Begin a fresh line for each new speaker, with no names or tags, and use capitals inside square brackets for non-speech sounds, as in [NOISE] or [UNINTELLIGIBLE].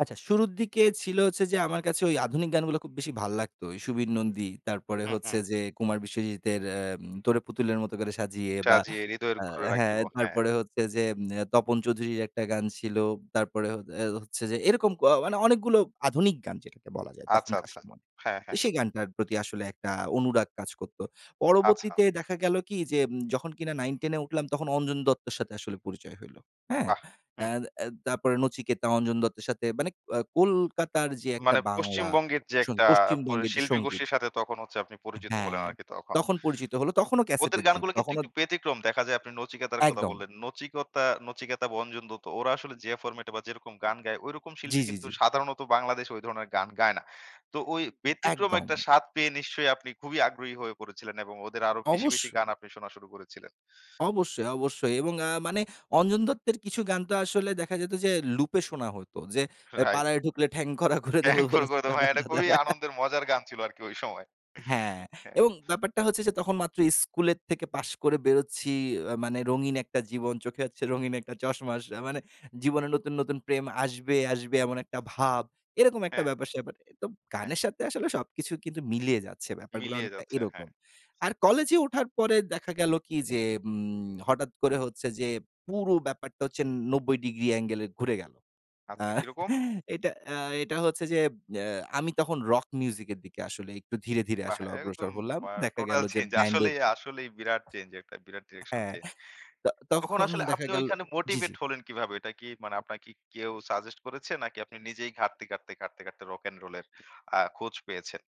আচ্ছা। শুরুর দিকে ছিল হচ্ছে যে আমার কাছে ওই আধুনিক গানগুলো খুব বেশি ভাল লাগতো। সুবীর নন্দী তারপরে
হুম,
হচ্ছে
হুম।
যে কুমার বিশ্বজিতের "তোরে পুতুলের মত করে সাজিয়ে" বা
সাজিয়ে হৃদয়ের কুটুরে
হ্যাঁ,
রাখিব। হ্যাঁ।
তারপরে হচ্ছে যে তপন চৌধুরীর একটা গান ছিল। তারপরে হ আ হচ্ছে যে এরকম ক মানে অনেকগুলো আধুনিক গান যেটাকে বলা যায়
আচ্ছা,
তখনকার
আচ্ছা।
সময়ে।
হ্যাঁ, হ্যাঁ।
সেই গানটার প্রতি আসলে একটা অনুরাগ কাজ করত।
আচ্ছা।
পরবর্তীতে দেখা গেল কি? যে যখন কিনা 9-10 এ উঠলাম তখন অঞ্জন দত্তের সাথে আসলে পরিচয় হইল হ্যাঁ,
বাহ!
আ
হুম।
আ তারপরে নচিকেতা, অঞ্জন দত্তের সাথে মানে আ কলকাতার যে একটা
মানে
বাংলা
পশ্চিমবঙ্গের যে একটা প
পশ্চিমবঙ্গের যে সঙ্গীত।
শিল্পীগোষ্ঠীর সাথে তখন হচ্ছে আপনি পরিচিত হলেন
হ্যাঁ।
আরকি তখন।
তখন পরিচিত হলো তখনও ক্যাসেট
ওদের
এর যুগ।
গানগুলো কিন্তু
তখনো
একটু ব্যতিক্রম দেখা যায় আপনি নচিকতার কথা
একদম।
বললেন। নচিকেতা- নচিকেতা, বঞ্জন দত্ত ওরা আসলে যে ফরমেট এ বা যেরকম গান গায় ঐরকম
জি,
শিল্পী
জি,
কিন্তু
জি।
সাধারণত বাংলাদেশে ঐ ধরনের গান গায় না। তো ওই ব্যতিক্রম
একদম।
একটা স্বাদ পেয়ে নিশ্চয়ই আপনি খুবই আগ্রহী হয়ে পড়েছিলেন এবং ওদের আরো বেশি, বেশি
অবশ্যই।
গান আপনি শোনা শুরু করেছিলেন।
অবশ্যই, অবশ্যই। এবং আ মানে অঞ্জন দত্তের কিছু গান তো আসলে দেখা যেত যে লুপে শোনা হইত। যে এ
রাইট।
পাড়ায় ঢুকলে ঠ্যাং খোরা করে দেব।
'ঠ্যাং খোরা করে
[UNINTELLIGIBLE]
দেব' ভাই এটা খুবই আনন্দের
[LAUGHS]
মজার গান ছিল আরকি ঐ সময়।
হ্যাঁ,
হ্যাঁ।
এবং ব্যাপারটা হচ্ছে যে তখন মাত্র স্কুলের থেকে পাশ করে বেরোচ্ছি আ মানে রঙিন একটা জীবন চোখে হচ্ছে রঙিন একটা চশমা। মানে জীবনে নতুন, নতুন প্রেম আসবে, আসবে এমন একটা ভাব এরকম একটা
হ্যাঁ।
ব্যাপার সেপার। তো
হ্যাঁ।
গানের সাথে আসলে সবকিছু কিন্তু মিলিয়ে যাচ্ছে ব্যাপারগুলো
মিলিয়ে
অনেকটা
যাচ্ছে হ্যাঁ।
এরকম। আর কলেজে ওঠার পরে দেখা গেল কি? যে উম হঠাৎ করে হচ্ছে যে পুরো ব্যাপারটা হচ্ছে ৯০° অ্যাঙ্গলে ঘুরে গেল। আ
আচ্ছা কিরকম?
[CHUCKLES] এটা আ এটা হচ্ছে যে আ আমি তখন রক মিউজিক এর দিকে আসলে একটু ধীরে, ধীরে
বাহ!
আসলে অগ্রসর
একদম
হলাম
আ
দেখা গেল
টোটাল
যে
চেঞ্জ
ব্যান্ডের
আসলেই, আসলেই বিরাট চেঞ্জ একটা বিরাট ডিরেকশন
হ্যাঁ।
চেঞ্জ।
তো
তখন
তখন
আসলে
দেখা
আপনি
গেল
ওইখানে
জি,
মোটিভেট
জি।
হলেন কিভাবে? এটা কি মানে আপনাকে কি কেউ সাজেস্ট করেছে নাকি আপনি নিজেই ঘাটতে, ঘাটতে, ঘাটতে, ঘাটতে রক অ্যান্ড রোল এর আ খোঁজ পেয়েছেন?